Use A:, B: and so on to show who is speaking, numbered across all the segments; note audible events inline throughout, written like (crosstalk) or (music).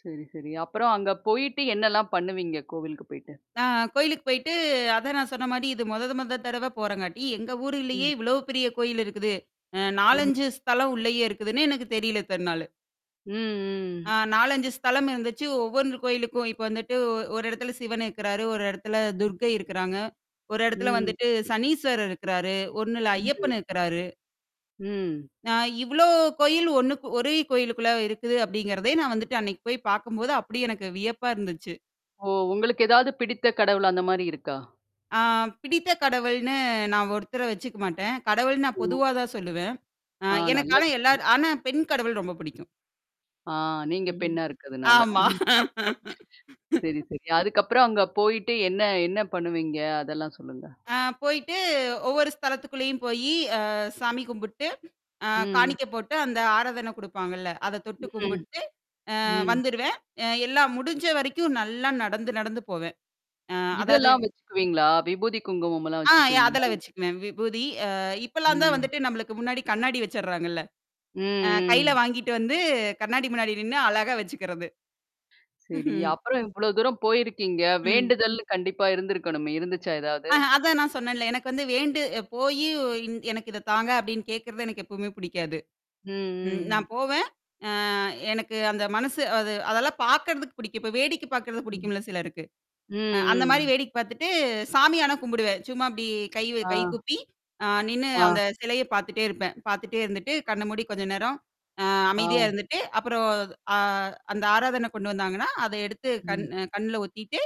A: சரி, சரி. அப்புறம் அங்க போயிட்டு என்னெல்லாம் பண்ணுவீங்க? கோவிலுக்கு போய்ட்டு?
B: நான் கோயிலுக்கு போயிட்டு, அத நான் சொன்ன மாதிரி, இது மொத மொத தடவ போறேங்காட்டி, எங்க ஊருலேயே
A: ம்.
B: இவ்வளவு பெரிய கோயில் இருக்குது.
A: ம்.
B: 4, 5 ஸ்தலம் உள்ளேயே இருக்குதுன்னு எனக்கு தெரில இத்தன நாளு.
A: ம்,
B: ஆ
A: ம்.
B: 4, 5 ஸ்தலம் இருந்துச்சு. ஒவ்வொரு கோயிலுக்கும் இப்போ வந்துட்டு ஒரு இடத்துல சிவன் இருக்கறாரு. ஒரு இடத்துல துர்க்கை இருக்கறாங்க. ஒரு இடத்துல
A: ம்.
B: வந்துட்டு சனீஸ்வரர் இருக்கறாரு. ஒண்ணுல
A: ம்.
B: ஐயப்பன் இருக்கறாரு.
A: ம்.
B: நான் இவ்ளோ கோயில் ஒண்ணுக்கு ஒரே கோயிலுக்குள்ள இருக்குது அப்டிங்கிறதே நான் வந்துட்டு அன்னைக்கு போய் பார்க்கும்போது அப்டி எனக்கு வியப்பா இருந்துச்சு.
A: ஓ! உங்களுக்கு ஏதாது பிடித்த கடவுள் அந்த மாரி இருக்கா?
B: ஆ பிடித்த கடவுள்னு நான் ஒருத்தர வச்சுக்க மாட்டேன். கடவுள்னா நான்
A: ம்.
B: பொதுவாதான் சொல்லுவேன். ஆ
A: ஆ
B: எனக்கு
A: நல்ல
B: ஆனா
A: விஷயம்.
B: எல்லார் ஆனா பெண் கடவுள் ரொம்ப புடிக்கும்.
A: ஆ நீங்க
B: ம்
A: பெண்ணா இருக்கதுனால.
B: ஆமா
A: (chuckles) சரி,
B: (laughs)
A: சரி. அதுக்கப்புறம் அங்க போயிட்டு என்ன என்ன பண்ணுவீங்க? அதெல்லாம் சொல்லுங்க?
B: அ போயிட்டு ஒவ்வொரு ஸ்தலத்துக்குள்ளேயும் போயி, அ சாமி கும்பிட்டு, அ
A: ம்.
B: காணிக்க போட்டு, அந்த ஆரதன குடுப்பாங்கள்ல அத தொட்டு
A: ம்.
B: கும்பிட்டு அ
A: ம்.
B: வந்துருவேன். அ எல்லாம் முடிஞ்ச வரைக்கும் நல்லா நடந்து நடந்து போவேன். அ அதாது
A: இதெல்லாம் வச்சுக்குவீங்களா? விபூதி குங்குமம்லாம்
B: ஆ
A: வச்சுப்பீங்களா?
B: அதெல்லாம் வச்சுக்குவேன். விபூதி. அ இப்பல்லாம் தான்
A: ம்.
B: வந்துட்டு நம்மளுக்கு முன்னாடி கண்ணாடி வச்சறாங்கள்ல.
A: ம்
B: அ கையில
A: ம்.
B: வாங்கிட்டு வந்து கண்ணாடி முன்னாடி நின்னு அழகா வச்சுக்கிறது. ம்ஹ்ம்.
A: சரி.
B: (chuckles)
A: அப்புறம் இவ்ளோ தூரம் போயிருக்கீங்க?
B: ம்.
A: வேண்டுதல்னு கண்டிப்பா இருந்திருக்கணுமே இருந்துச்சா? ஏதாது?
B: அஹ, அதான் நான் சொன்னேன்ல. எனக்கு வந்து வேண்டி போயி, "எனக்கு இத தாங்க" அப்டின்னு கேட்கிறது எனக்கு எப்பவுமே பிடிக்காது. ம்.
A: ம், ம்.
B: நான் போவேன். அ எனக்கு அந்த மனசு அது அதெல்லாம் பார்க்கறதுக்கு பிடிக்கும். இப்ப வேடிக்கை பார்க்கறதுக்கு
A: ம்.
B: பிடிக்கும்ல சிலருக்கு.
A: ம்,
B: அ அந்த மாரி
A: ம்.
B: வேடிக்க பார்த்துட்டு சாமியானா கும்பிடுவேன். சும்மா அப்டி கை கை
A: ஆ.
B: கூப்பி, அ நின்னு
A: ஆ.
B: அந்த சிலைய பார்த்துட்டே இருப்பேன். பார்த்துட்டே இருந்துட்டு, கண்ண மூடி கொஞ்ச நேரம் அ அமைதியா
A: ஆ.
B: இருந்துட்டு, அப்புறம் அ அந்த ஆராதன கொண்டு வந்தாங்கன்னா, அத எடுத்து கண்
A: ம்.
B: கண்ணுல ஒத்திட்டு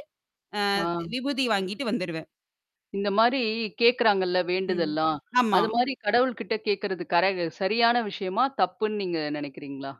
B: அ
A: ஆ.
B: விபூதி வாங்கிட்டு வந்துருவேன்.
A: இந்த மாரி கேட்கறாங்கள்ல,
B: ம்.
A: வேண்டுதல்லாம்?
B: ஆமா.
A: அது மாரி கடவுள்கிட்ட கேட்கறது கரை சரியான விஷயமா? தப்புன்னு நீங்க நினைக்குறீங்களா?